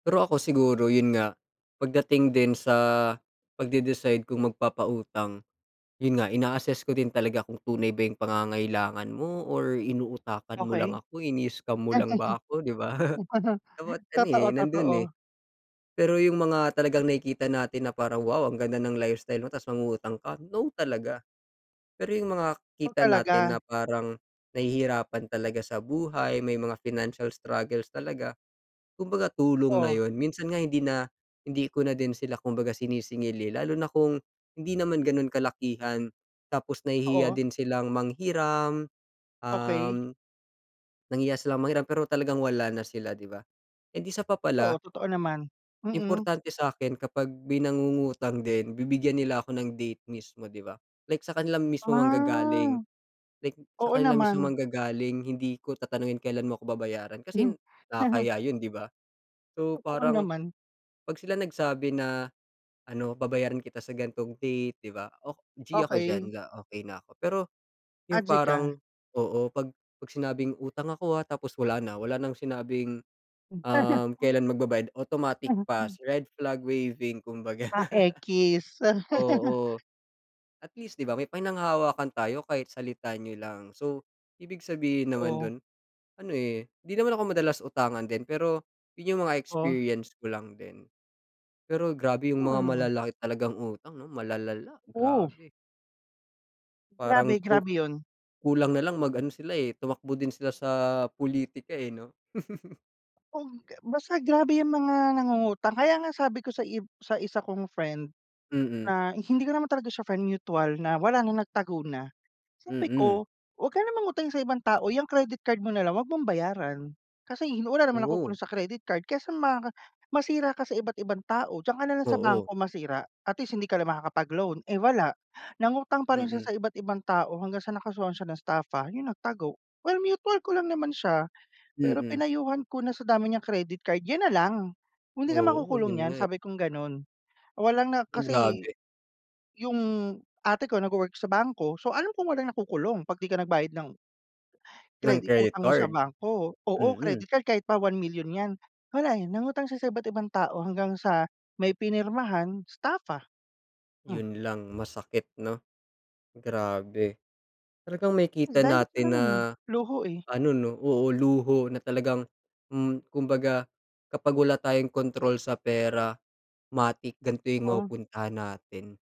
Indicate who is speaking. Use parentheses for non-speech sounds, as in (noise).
Speaker 1: Pero ako siguro yun nga, pagdating din sa pagde-decide kung magpapautang, yun nga ina-assess ko din talaga kung tunay ba yung pangangailangan mo or inuutakan mo lang
Speaker 2: Okey.
Speaker 1: ako, ini-scam mo lang ba ako, di ba? (chuckles)
Speaker 2: (chuckles)
Speaker 1: Dapat ano, eh,
Speaker 2: Totoo,
Speaker 1: nandun, eh.
Speaker 2: totoo.
Speaker 1: Pero yung mga talagang nakikita natin na parang wow ang ganda ng lifestyle mo tapos mangungutang ka, no talaga. Pero yung mga
Speaker 2: Kung
Speaker 1: kita
Speaker 2: talaga?
Speaker 1: natin na parang nahihirapan talaga sa buhay, may mga financial struggles talaga, kumbaga tulong na
Speaker 2: Oh.
Speaker 1: yun. Minsan nga hindi na hindi ko na din sila kumbaga sinisingil, eh, lalo na kung hindi naman ganun kalakihan. Tapos nahihiya
Speaker 2: Oo.
Speaker 1: din silang manghiram, um,
Speaker 2: Okey.
Speaker 1: nahihiya silang manghiram, pero talagang wala na sila, di ba? And isa pa
Speaker 2: Oo,
Speaker 1: pala
Speaker 2: totoo naman. Mm.
Speaker 1: importante sa'kin kapag may nangungutang din, bibigyan nila ako ng date mismo, di ba? Like sa kanila mismo
Speaker 2: Ah,
Speaker 1: manggagaling. Like sa
Speaker 2: oo
Speaker 1: kanila mismo
Speaker 2: naman.
Speaker 1: manggagaling, hindi ko tatanungin kailan mo ako babayaran kasi
Speaker 2: (chuckles)
Speaker 1: nakakahiya yun, di ba? So,
Speaker 2: Totoo
Speaker 1: parang
Speaker 2: naman.
Speaker 1: 'pag sila nagsabi na ano, babayaran kita sa gan'tong date, di ba? Oh, g ako diyan,
Speaker 2: Okey.
Speaker 1: okey na ako. Pero
Speaker 2: Ah,
Speaker 1: yung
Speaker 2: g ka?
Speaker 1: parang oo. 'Pag 'pag sinabing utang ako, ah, tapos wala na, wala nang sinabing, um,
Speaker 2: (chuckles)
Speaker 1: kelan magbabayad, automatic
Speaker 2: (laughs)
Speaker 1: pass, red flag waving, kumbaga.
Speaker 2: Ah, ekis?
Speaker 1: (laughs)
Speaker 2: (laughs)
Speaker 1: Oo. At least di ba may pinanghahawakan tayo kahit salita niyo lang. So, ibig sabihin naman
Speaker 2: Oh.
Speaker 1: dun ano, eh, di naman ako madalas utangan din, pero yun yung mga
Speaker 2: Oh.
Speaker 1: experience ko lang din. Pero grabe yung mga
Speaker 2: Hmm.
Speaker 1: malalaki talagang utang 'no, malalala,
Speaker 2: Oh.
Speaker 1: grabe. Parang
Speaker 2: Grabe,
Speaker 1: ku
Speaker 2: grabe yun.
Speaker 1: kulang na lang mag ano sila, eh, tumakbo din sila sa pulitika, eh, 'no? (laughs)
Speaker 2: Oh, basta grabe yung mga nangungutang kaya nga sabi ko ib sa sa isa kong friend,
Speaker 1: Mm.
Speaker 2: na hindi ko naman talaga siya friend, mutual na wala na, nagtago na. Sabi
Speaker 1: Mm.
Speaker 2: ko, "Wag ka ng mangutang sa ibang tao, 'yang credit card mo na lang wag mong bayaran. Kasi wala namang
Speaker 1: Oo.
Speaker 2: nakukulong sa credit card kaysa maka masira ka sa iba't ibang tao, diyan ka nalang sa bangko
Speaker 1: Oo.
Speaker 2: masira at least hindi ka na makakapag-loan." Eh, wala, nangutang pa rin siya
Speaker 1: Mm.
Speaker 2: sa iba't ibang tao hanggang sa nakasuhan siya ng staffa, yun nagtago. Well, mutual ko lang naman siya. Pero
Speaker 1: Mm.
Speaker 2: pinayuhan ko na sa dami niyang credit card yun na lang. "Hindi ka
Speaker 1: Oo,
Speaker 2: makukulong
Speaker 1: yun
Speaker 2: niyan,"
Speaker 1: nga, eh.
Speaker 2: sabi kong ganon. Wala na kasi
Speaker 1: Grabe.
Speaker 2: yung ate ko nagwo-work sa bangko so, alam ko walang nakukulong 'pag 'di ka nagbayad ng
Speaker 1: Ng
Speaker 2: credit
Speaker 1: credit
Speaker 2: utang mo sa
Speaker 1: card.
Speaker 2: bangko. Oo,
Speaker 1: Mm.
Speaker 2: credit card. Kahit pa 1 milyon 'yan. Wala, eh, nangutang siya sa iba't ibang tao hanggang sa may pinirmahan, staffa. Mm.
Speaker 1: Yun lang, masakit 'no? Grabe. Talagang
Speaker 2: Mm,
Speaker 1: makikita
Speaker 2: dahil sa
Speaker 1: natin
Speaker 2: ano,
Speaker 1: na
Speaker 2: eh, luho, eh.
Speaker 1: ano 'no oo, luho na talagang mm, kumbaga kapag wala tayong kontrol sa pera, 'matic gan'to yung
Speaker 2: Totoo.
Speaker 1: mapupuntahan natin.